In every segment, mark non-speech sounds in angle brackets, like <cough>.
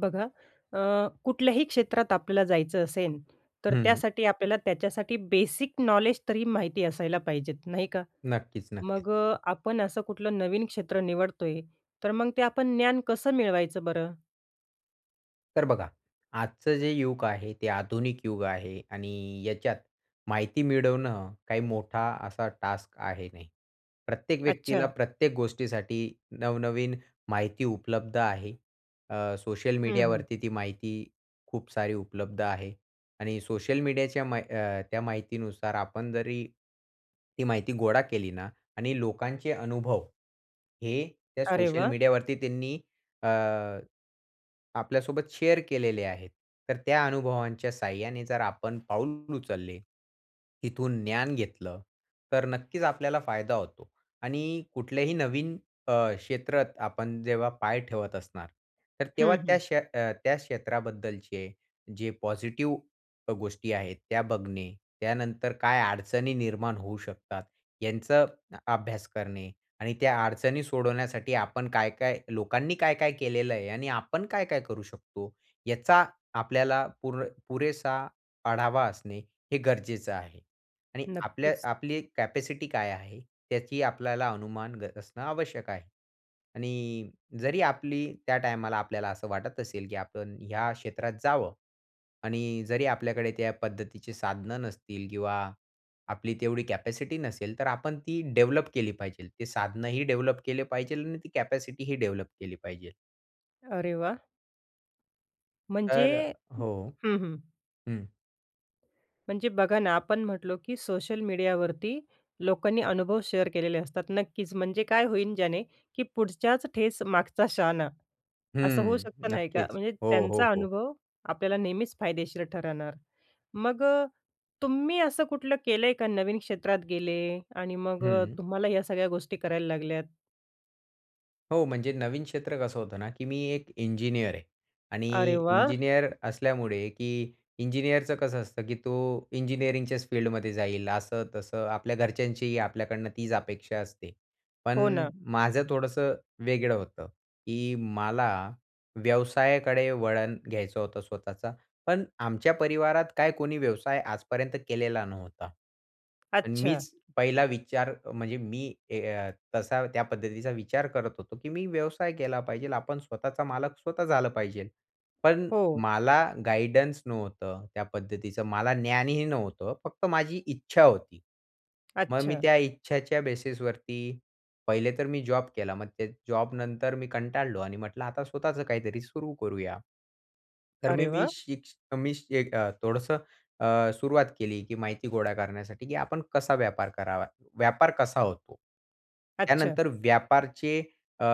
बघा, अ, कुठल्याही क्षेत्रात आपल्याला जायचं असेल, तर हं. त्यासाठी आपल्याला त्याच्यासाठी बेसिक नॉलेज तरी माहिती असायला पाहिजेत, नाही का? नक्कीच, नक्कीच. मग अ, आपण असं कुठलं नवीन क्षेत्र निवडतोय, तर मग ते आपण ज्ञान कसं मिळवायचं बरं? तर बघा. आजचं जे युग आहे ते आधुनिक युग आहे आणि याच्यात माहिती मिळवणं काही मोठा असा टास्क आहे नाही. प्रत्येक व्यक्तीला अच्छा. प्रत्येक गोष्टीसाठी नवनवीन माहिती उपलब्ध आहे. अ, सोशल हं, हं. मीडियावरती ती माहिती खूप सारी उपलब्ध आहे. आणि सोशल मीडियाच्या मा अ, त्या माहितीनुसार आपण जरी ती माहिती गोळा केली ना आणि लोकांचे अनुभव हे त्या अरे सोशल वाह! मीडियावरती त्यांनी अ, आपल्यासोबत शेअर केलेले आहेत. तर त्या अनुभवांच्या सहाय्याने जर आपण पाऊल उचलले, इथून ज्ञान घेतलं, तर नक्कीच आपल्याला फायदा होतो. आणि कुठल्याही नवीन अ, क्षेत्रात आपण जेव्हा पाय ठेवत असणार, तर हं, तेव्हा त्या हं. क्ष अ, त्या क्षेत्राबद्दलचे जे पॉझिटिव्ह अ गोष्टी आहेत, त्या बघणे. त्यानंतर काय अडचणी निर्माण होऊ शकतात यांच अ अभ्यास करणे. आणि त्या अडचणी सोडवण्यासाठी आपण काय-काय लोकांनी काय-काय केलेलं आहे आणि आपण काय-काय करू शकतो, याचा आपल्याला पुर पुरेसा आढावा असणे हे गरजेचं आहे. आणि आपल्या नक्कीच. आपली कॅपॅसिटी काय आहे, त्याची आपल्याला अनुमान ग असणं आवश्यक आहे. आणि जरी आपली त्या टायमाला आपल्याला असं वाटत असेल, की आपण ह्या क्षेत्रात जावं आणि जरी आपल्याकडे त्या पद्धतीची साधनं नसतील, किंवा आपली तेवढी कॅपॅसिटी नसेल, तर आपण ती डेव्हलप केली पाहिजे. ते साधनंही डेव्हलप केले पाहिजे आणि ती कॅपॅसिटीही डेव्हलप केली पाहिजे. अरे वाह! म्हणजे तर हो हं, हं. हं. म्हणजे बघा ना, आपण म्हटलो की सोशल मीडियावरती लोकांनी अनुभव शेअर केलेले असतात. नक्कीच म्हणजे काय होईल, ज्याने की "पुढच्याच ठेस मागचा शहाणा." असं होऊ हम्म. शकतं नाही का? नक्कीच. म्हणजे हो, हो. त्यांचा हो. अनुभव आपल्याला नेहमीच फायदेशीर ठरणार. मग तुम्ही असं कुठलं केलंय का नवीन क्षेत्रात गेले आणि मग हं. तुम्हाला या सगळ्या गोष्टी करायला लागल्यात? हो, म्हणजे नवीन क्षेत्र कसं होतं ना, की मी एक इंजिनिअर आहे आणि अरे वाह! इंजिनिअर असल्यामुळे की इंजिनिअरचं कसं असतं, की तो इंजिनिअरिंगच्याच फील्डमध्ये जाईल असं तसं. आपल्या घरच्यांचीही आपल्याकडनं तीच अपेक्षा असते. हो पण ना. माझं थोडंसं वेगळं होतं, की मला व्यवसायाकडे वळण घ्यायचं होतं स्वतःचा. पण आमच्या परिवारात काय कोणी व्यवसाय आजपर्यंत केलेला नव्हता. अन् अच्छा. मीच पहिला विचार म्हणजे मी ए अ, तसा त्या पद्धतीचा विचार करत होतो, की मी व्यवसाय केला पाहिजे. आपण स्वतःचा मालक स्वतः झालं पाहिजे. पण हो. मला गाईडन्स नव्हतं, त्या पद्धतीचं मला ज्ञानही नव्हतं. फक्त माझी इच्छा होती. मग मी अच्छा. त्या इच्छाच्या बेसिसवरती पहिले तर मी जॉब केला. मग ते जॉब नंतर मी कंटाळलो आणि म्हंटलं आता स्वतःच काहीतरी सुरू करूया. तर मी अरे मी वाह! शिक तर मी एक थोडसं अ, सुरुवात केली, की माहिती गोळा करण्यासाठी की आपण कसा व्यापार करावा? व्यापार कसा होतो? अच्छा. त्यानंतर व्यापारचे अ,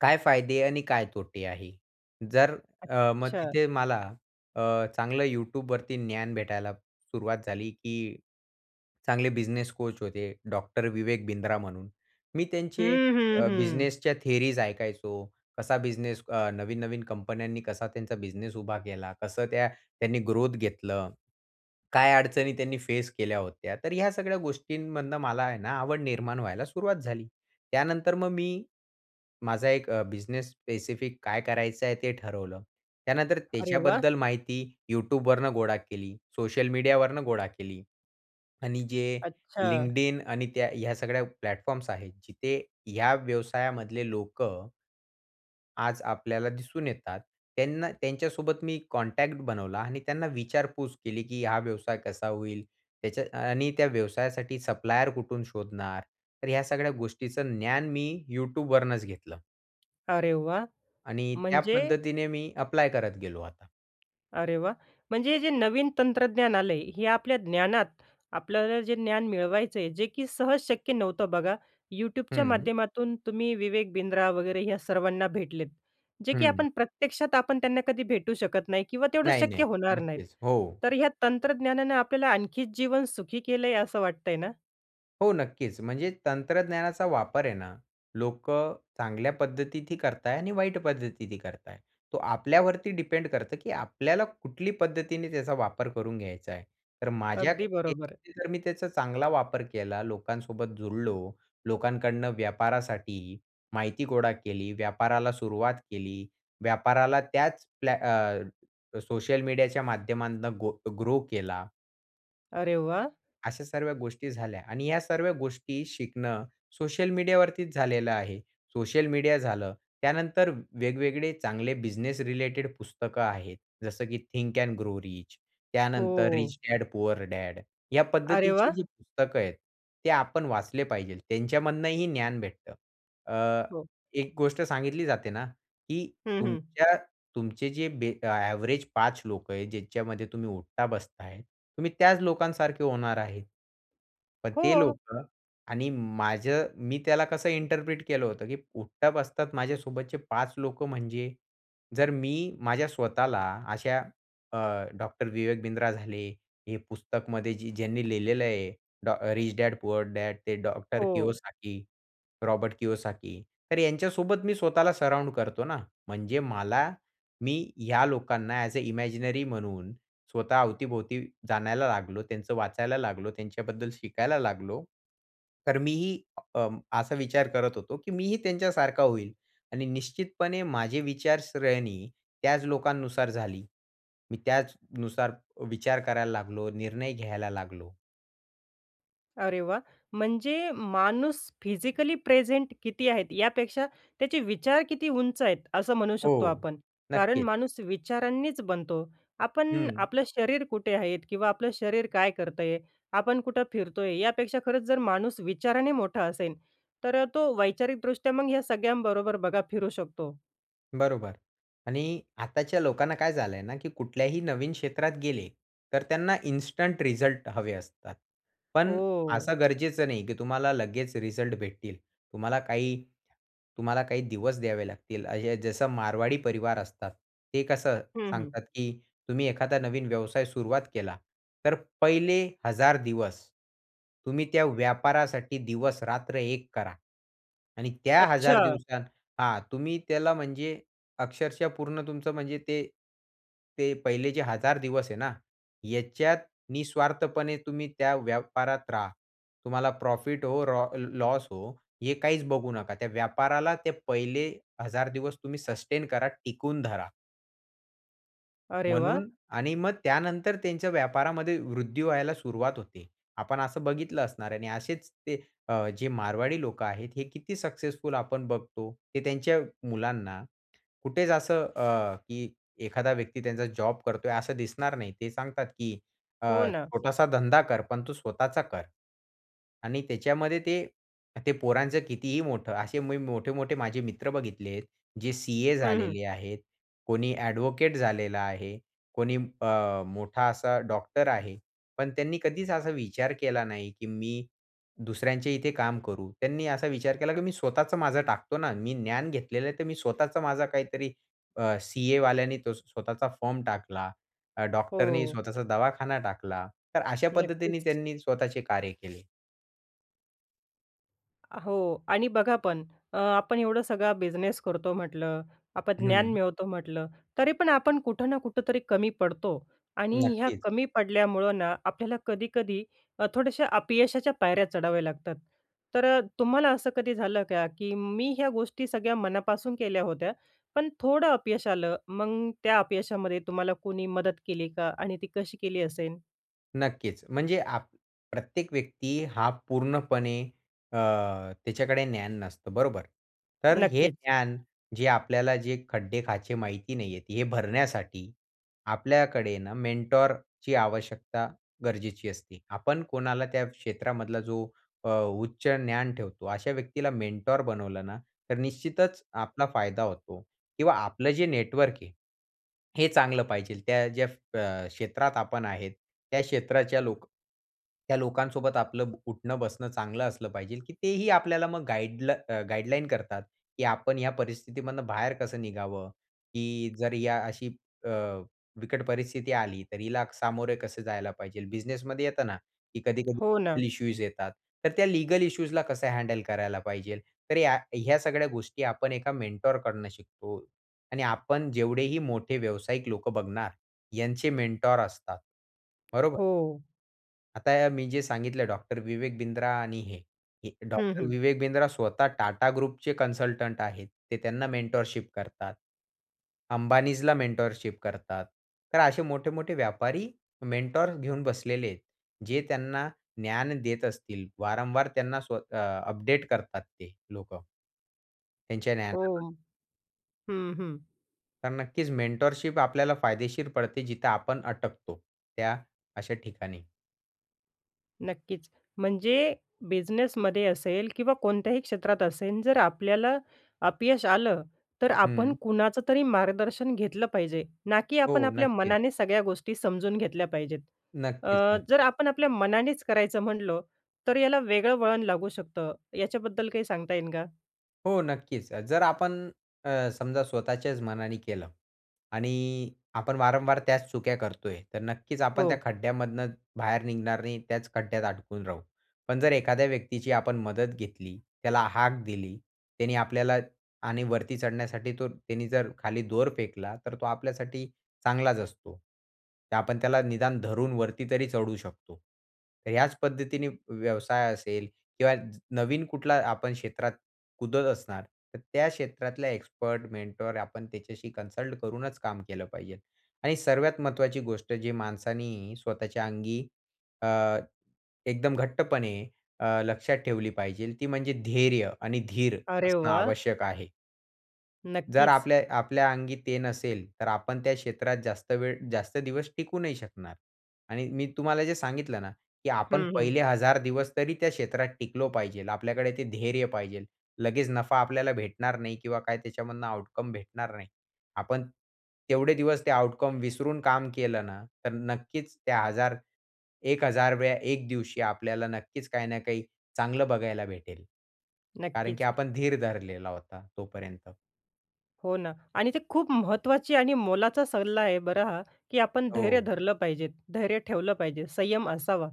काय फायदे आणि काय तोटे आहे? जर अ, मग अच्छा. तिथे मला अ, चांगलं Youtubeवरती ज्ञान भेटायला सुरुवात झाली. की चांगले बिझनेस कोच होते, डॉक्टर विवेक बिंद्रा म्हणून. मी त्यांचे हं, हं. अ, हं. बिझनेसच्या थियरीज ऐकायचो, कसा बिझनेस अ, नवीन-नवीन कंपन्यांनी कसा त्यांचा बिझनेस उभा केला? कसं त्या त्यांनी ग्रोथ घेतलं? काय अडचणी त्यांनी फेस केल्या होत्या? तर ह्या सगळ्या गोष्टींमधनं मला आहे ना, आवड निर्माण व्हायला सुरुवात झाली. त्यानंतर मग मी माझा एक अ, बिझनेस स्पेसिफिक काय करायचं आहे ते ठरवलं. त्यानंतर अरे वाह! त्याच्याबद्दल माहिती Youtubeवरुन गोळा केली, सोशल मीडियावरनं गोळा केली. आणि जे अच्छा! LinkedIn आणि त्या ह्या सगळ्या प्लॅटफॉर्म्स आहेत. जिथे या व्यवसायामधले लोकं आज आपल्याला दिसून येतात. त्यांना, त्यांच्यासोबत मी कॉन्टॅक्ट बनवला आणि त्यांना विचारपूस केली, की हा व्यवसाय कसा होईल? त्याच्या आणि त्या व्यवसायासाठी सप्लायर कुठून शोधणार? तर या सगळ्या गोष्टीचं ज्ञान मी Youtubeवरूनच घेतलं. अरे वाह! आणि त्या म्हणजे पद्धतीने मी अप्लाय करत गेलो आता. अरे वाह! म्हणजे हे जे नवीन तंत्रज्ञान आलंय हे आपल्या ज्ञानात आपल्याला जे ज्ञान मिळवायचं आहे, जे की सहज शक्य नव्हतं बघा.YouTubeच्या हं. माध्यमातून तुम्ही विवेक बिंद्रा वगैरे या सर्वांना भेटलेत. जे की हं. आपण प्रत्यक्षात आपण त्यांना कधी भेटू शकत नाही किंवा तेवढं नाही, शक्य नाही. होणार नाहीत, नक्कीच हो. तर ह्या तंत्रज्ञानानं आपल्याला आणखी जीवन सुखी केलंय असं वाटतंय ना? हो, नक्कीच. म्हणजे तंत्रज्ञानाचा वापर आहे ना, लोकं चांगल्या पद्धतीतही करताय आणि वाईट पद्धतीतही करताय. तो आपल्यावरती डिपेंड करतं की आपल्याला कुठली पद्धतीने त्याचा वापर करून घ्यायचा आहे. तर माझ्या अगदी बरोबर. मते जर मी त्याचा चांगला वापर केला, लोकांसोबत जुडलो, लोकांकडून व्यापारासाठी माहिती गोळा केली, व्यापाराला सुरुवात केली, व्यापाराला त्याच प्प्ल्या अ, सोशल मीडियाच्या माध्यमातून गो ग्रो केला. अरे वाह! अशा सर्व गोष्टी झाल्या. आणि या सर्व गोष्टी शिकणं सोशल मीडियावरतीच झालेलं आहे. सोशल मीडिया झालं. त्यानंतर वेगवेगळे चांगले बिझनेस रिलेटेड पुस्तकं आहेत. जसं की Think and Grow Rich, त्यानंतर Rich हो. Dad Poor Dad. या अरे वाह! पद्धतीची जी पुस्तकं आहेत, ते आपण वाचले पाहिजे. त्यांच्यामधूनही ज्ञान भेटतं. अ, हो. एक गोष्ट सांगितली जाते ना, की हं, हं. तुमच्या तुमचे जे एव्हरेज 5 लोकं आहेत ज्याच्यामध्ये तुम्ही उठता-बसताय तुम्ही त्याच लोकांसारखे होणार आहे. पण ते हो. लोकं आणि माझं मी त्याला कसं इंटरप्रिट केलं होतं, की उठता-बसतात माझ्या सोबतचे 5 लोकं म्हणजे? जर मी माझ्या स्वतःला अशा अ, डॉक्टर विवेक बिंद्रा झाले, हे पुस्तकमध्ये जे ज्यांनी लिहिलेलं आहे, Rich Dad Poor Dad ते डॉक्टर हो. Kiyosaki, Robert Kiyosaki. तर यांच्यासोबत मी स्वतःला सराउंड करतो ना. म्हणजे मला, मी ह्या लोकांना ॲज अ इमॅजिनरी म्हणून स्वतः अवती-भोवती जाणायला लागलो, त्यांचं वाचायला लागलो, त्यांच्याबद्दल शिकायला लागलो. तर मी ही अ, असा विचार करत होतो, की मी ही, त्यांच्यासारखा होईल आणि निश्चितपणे माझी विचारसरणी त्याच लोकांनुसार झाली. मी त्याचनुसार विचार करायला लागलो, निर्णय घ्यायला लागलो. अरे वाह! म्हणजे माणूस फिजिकली प्रेझेंट किती आहेत? यापेक्षा त्याचे विचार किती उंच आहेत, असं म्हणू शकतो हो. आपण. कारण नक्कीच. माणूस विचारांनीच बनतो. आपण हं. आपलं शरीर कुठे आहे? किंवा आपलं शरीर काय करतंय, आपण कुठे फिरतोय? यापेक्षा खरंच जर माणूस विचाराने मोठा असेल तर तो वैचारिकदृष्ट्या मग ह्या सगळ्यांबरोबर बघा फिरू शकतो. बरोबर. आणि आताच्या लोकांना काय झालंय ना, की कुठल्याही नवीन क्षेत्रात गेले तर त्यांना इन्स्टंट रिझल्ट हवे असतात. पण हो. असं गरजेचं नाही, की तुम्हाला लगेचं रिझल्ट भेटतील. तुम्हाला काही तुम्हाला काही दिवस द्यावे लागतील. असं जसं मारवाडी परिवार असतात. ते कसं हं, हं. सांगतात, की तुम्ही एखादा नवीन व्यवसाय सुरुवात केला तर पहिले 1,000 दिवस तुम्ही त्या व्यापारासाठी दिवस रात्र एक करा. आणि त्या 1,000 अच्छा. दिवसा हा, तुम्ही त्याला म्हणजे अक्षरशः पूर्ण तुमचं म्हणजे ते, ते पहिले जे 1,000 दिवस आहे ना, ह्याच्यात निस्वार्थपणे तुम्ही त्या व्यापारात राहा. तुम्हाला प्रॉफिट हो रो लॉस हो, हे काहीचं बघू नका. त्या व्यापाराला ते पहिले 1,000 दिवस तुम्ही सस्टेन करा, टिकून धरा. अरे वाह! म्हणून आणि मग त्यानंतर त्यांच्या व्यापारामध्ये वृद्धी व्हायला सुरुवात होते. आपण असं बघितलं असणार आहे आणि असेच ते अ, जे मारवाडी लोक आहेत, हे किती सक्सेसफुल आपण बघतो. ते त्यांच्या मुलांना कुठेच असं अ, की एखादा व्यक्ती त्यांचा जॉब करतोय असं दिसणार नाही. ते सांगतात, की हो अ, ना. छोटासा धंदा कर, पण तू स्वतःचा कर. आणि त्याच्यामध्ये ते ते पोरांचं कितीही मोठं असे मी मोठे-मोठे माझे मित्र बघितलेत जे सीए हं, हं. झालेले आहेत, कोणी ॲडव्होकेट झालेला आहे, कोणी अ, मोठा असा डॉक्टर आहे, पण त्यांनी कधीच असा विचार केला नाही, की मी दुसऱ्यांच्या इथे काम करू. त्यांनी असा विचार केला, की मी स्वतःचं माझं टाकतो ना. मी ज्ञान घेतलेलंय, तर मी स्वतःचा माझा काहीतरी अ, सीएवाल्याने तो स्वतःचा फर्म टाकला, अ, डॉक्टरनी हो. स्वतःचा दवाखाना टाकला, तर अशा पद्धतीने नक्कीच. त्यांनी स्वतःचे कार्य केले. अ, हो. आणि बघा पण अ, आपण एवढं सगळा बिझनेस करतो म्हटलं, आपण ज्ञान हं. मिळवतो म्हटलं, तरी पण आपण कुठं ना कुठेतरी कमी पडतो. आणि ह्या नक्कीच. कमी पडल्यामुळं ना, आपल्याला कधी-कधी अ, थोडेसे अपयशाच्या पायऱ्या चढाव्या लागतात. तर अ, तुम्हाला असं कधी झालं का? की मी ह्या गोष्टी सगळ्या मनापासून केल्या होत्या, पण थोडं अपयश आलं. मग त्या अपयशामध्ये तुम्हाला कोणी मदत केली का? आणि ती कशी केली असेल? नक्कीच. म्हणजे आप प्रत्येक व्यक्ती हा पूर्णपणे अ, त्याच्याकडे ज्ञान नसतं, बरोबर. तर अ, हे नक्कीच. ज्ञान जे आपल्याला जे खड्डे-खाचे माहिती नाही आहेत हे भरण्यासाठी आपल्याकडे ना मेंटॉरची आवश्यकता गरजेची असते. आपण कोणाला त्या क्षेत्रामधला जो अ, उच्च ज्ञान ठेवतो अशा व्यक्तीला मेंटॉर बनवलं ना, तर निश्चितच आपला फायदा होतो किंवा आपलं जे नेटवर्क आहे, हे चांगलं पाहिजे. त्या ज्या अ, क्षेत्रात आपण आहे, त्या क्षेत्राच्या लोक त्या लोकांसोबत आपलं उठणं-बसणं चांगलं असलं पाहिजे की तेही आपल्याला मग गाईड गाईडलाईन करतात, की आपण या परिस्थितीमधनं बाहेर कसं निघावं? की जर या अशी अ, बिकट परिस्थिती आली, तर हिला सामोरे कसं जायला पाहिजे. बिझनेसमध्ये येत ना, की कधी-कधी हो ना. लीगल इश्यूज येतात. तर त्या लीगल इश्यूजला कसं हँडल करायला पाहिजे. तर या ह्या सगळ्या गोष्टी आपण एका मेंटॉरकढणं शिकतो आणि आपण जेवढेही मोठे व्यावसायिक लोक बघणार, यांचे मेंटॉर असतात. बरोबर. हो. आता मी जे सांगितलं डॉक्टर विवेक बिंद्रा आणि हे, हे हं, डॉक्टर हं. विवेक बिंद्रा स्वतः टाटा ग्रुपचे कन्सल्टंट आहेत. ते त्यांना मेंटॉरशिप करतात. अंबानींजला मेंटॉरशिप करतात. तर असे मोठे-मोठे व्यापारी मेंटॉर्स घेऊन बसलेले आहेत जे त्यांना ज्ञान देत असतील. वारंवार त्यांना स्वत अ, अपडेट करतात ते लोकं. त्यांच्या द्यान <unintelligible> हो. हं, हं. तर नक्कीच मेंटॉरशिप आपल्याला फायदेशीर पडते जिथे आपण अटकतो त्या अशा ठिकाणी. नक्कीच. म्हणजे बिझनेसमध्ये असेल किंवा कोणत्याही क्षेत्रात असेल. जर आपल्याला अपयश आलं तर आपण हं. कुणाचं तरी मार्गदर्शन घेतलं पाहिजे. ना की आपण हो. आपल्या नक्कीच. मनाने सगळ्या गोष्टी समजून घेतल्या पाहिजेत. नक्कीच अ, ना. जर आपण आपल्या मनानेच करायचं म्हणलो, तर याला वेगळं वळण लागू शकतं. याच्याबद्दल काही सांगता येईल का? हो. नक्कीच. जर आपण अ, समजा स्वतःच्याच मनाने केलं आणि आपण वारंवार त्याच चुक्या करतोय. तर नक्कीच आपण त्या हो. खड्ड्यामधनं बाहेर निघणार नाही. त्याच खड्ड्यात अडकून राहू. पण जर एखाद्या व्यक्तीची आपण मदत घेतली. त्याला हाक दिली. त्याने आपल्याला आणि वरती चढण्यासाठी तो त्याने जर खाली दोर फेकला, तर तो आपल्यासाठी चांगलाच असतो. आपण त्याला निदान धरून वरती तरी चढू शकतो. तर ह्याच पद्धतीने व्यवसाय असेल किंवा नवीन कुठला आपण क्षेत्रात कुदत असणार. तर त्या क्षेत्रातल्या एक्सपर्ट मेंटॉर आपण त्याच्याशी कन्सल्ट करूनच काम केलं पाहिजे. आणि सर्वात महत्वाची गोष्ट जी माणसाने स्वतःच्या अंगी अ, एकदम घट्टपणे अ, लक्षात ठेवली पाहिजे ती म्हणजे धैर्य आणि धीर अरे असणं वाह! आवश्यक आहे. जर नक्कीच. आपलेय आपल्या अंगी ते नसेल, तर आपण त्या क्षेत्रात जास्त वेळ, जास्त दिवस टिकू नाही शकणार. आणि मी तुम्हाला जे सांगितलं ना, की आपण हं, हं. पहिले 1000 दिवस तरी त्या क्षेत्रात टिकलो पाहिजे. आपल्याकडे ते धैर्य पाहिजे. लगेच नफा आपल्याला भेटणार नाही किंवा काय त्याच्यामधनं आउटकम भेटणार नाही. आपण तेवढे दिवस ते आउटकम विसरून काम केलं ना, तर नक्कीच त्या 1000, 1000व्या 1 दिवशी आपल्याला नक्कीच काही ना काही चांगलं बघायला भेटेल. कारण की नक्कीच. आपण धीर धरलेला होता तोपर्यंत. हो ना, आणि ते खूप महत्त्वाची आणि मोलाचा सल्ला आहे बरं हा, की आपण धैर्य हो. धरलं पाहिजे, धैर्य ठेवलं पाहिजे, संयम असावा.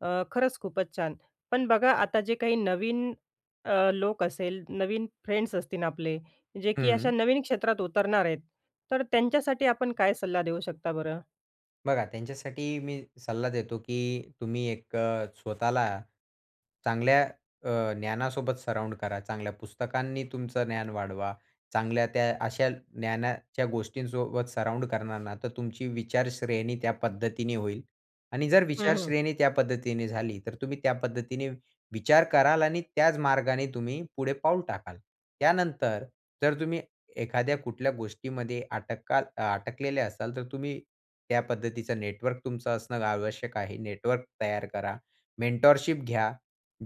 अ, खरंच खूपच छान. पण बघा आता, जे काही नवीन अ, लोक असेल, नवीन फ्रेंड्स असतील आपले, जे की अशा हं. नवीन क्षेत्रात उतरणार आहेत, तर त्यांच्यासाठी आपण काय सल्ला देऊ शकता बरं? बघा, त्यांच्यासाठी मी सल्ला देतो की तुम्ही एक अ, स्वतःला चांगल्या अ, ज्ञानासोबत सराउंड करा. चांगल्या पुस्तकांनी तुमचं ज्ञान वाढवा. चांगल्या त्या अशा ज्ञानाच्या गोष्टींसोबत सराउंड करणार ना, तर तुमची विचारश्रेणी त्या पद्धतीने होईल. आणि जर हं, हं. विचारश्रेणी त्या पद्धतीने झाली, तर तुम्ही त्या पद्धतीने विचार कराल आणि त्याच मार्गाने तुम्ही पुढे पाऊल टाकाल. त्यानंतर जर तुम्ही एखाद्या कुठल्या गोष्टीमध्ये अटकाल अटकलेले असाल, तर तुम्ही त्या पद्धतीचं नेटवर्क तुमचं असणं आवश्यक आहे. नेटवर्क तयार करा. मेंटरशिप घ्या.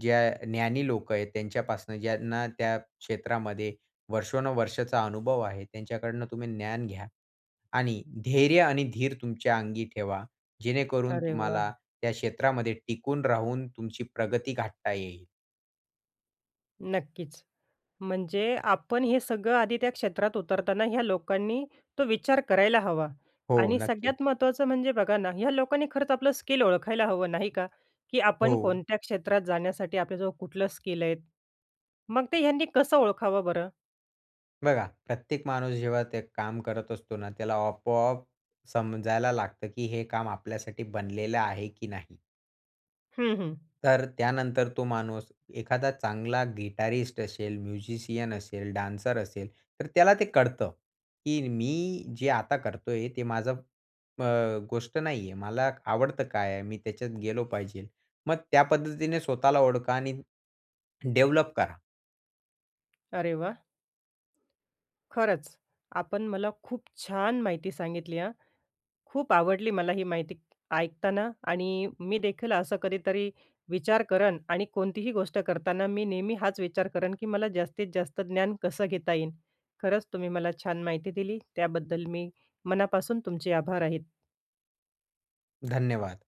ज्या ज्ञानी लोक आहेत, त्यांच्यापासून ज्यांना त्या क्षेत्रामध्ये वर्षानुवर्षांचा अनुभव आहे, त्यांच्याकडनं तुम्ही ज्ञान घ्या. आणि धैर्य आणि धीर तुमच्या अंगी ठेवा, जेणेकरून अरे तुम्हाला वाह! त्या क्षेत्रामध्ये टिकून राहून तुमची प्रगती गाठता येईल. नक्कीच. म्हणजे आपण हे सगळं आधी त्या क्षेत्रात उतरताना ह्या लोकांनी तो विचार करायला हवा हो. आणि नक्की. सगळ्यात महत्वाचं म्हणजे बघा ना ह्या लोकांनी खरंच आपलं स्किल ओळखायला हवं नाही का? की आपण हो. कोणत्या क्षेत्रात जाण्यासाठी आपल्याजवळ कुठलं स्किल आहे. मग ते ह्यांनी कसं ओळखावं बरं? बघा प्रत्येक माणूस जेव्हा ते काम करत असतो ना त्याला आपोआप समजायला लागतं, की हे काम आपल्यासाठी बनलेलं आहे, की नाही. हं, हं. तर त्यानंतर तो माणूस एखादा चांगला गिटारिस्ट असेल, म्युझिशियन असेल, डान्सर असेल तर त्याला ते कळतं, की मी जे आता करतोय ते माझं अ, गोष्ट नाहीये. मला आवडतं काय आहे? मी त्याच्यात गेलो पाहिजे. मग त्या पद्धतीने स्वतःला ओळखा आणि डेव्हलप करा. अरे वाह! खरंच. आपण मला खूप छान माहिती सांगितली हां. खूप आवडली मला ही माहिती ऐकताना आणि मी देखील असं कधीतरी विचार करेन आणि कोणतीही गोष्ट करताना मी नेहमी हाच विचार करेन की मला जास्तीत जास्त ज्ञान कसं घेता येईल? खरंच तुम्ही मला छान माहिती दिली त्याबद्दल मी मनापासून तुमचे आभार आहेत. धन्यवाद.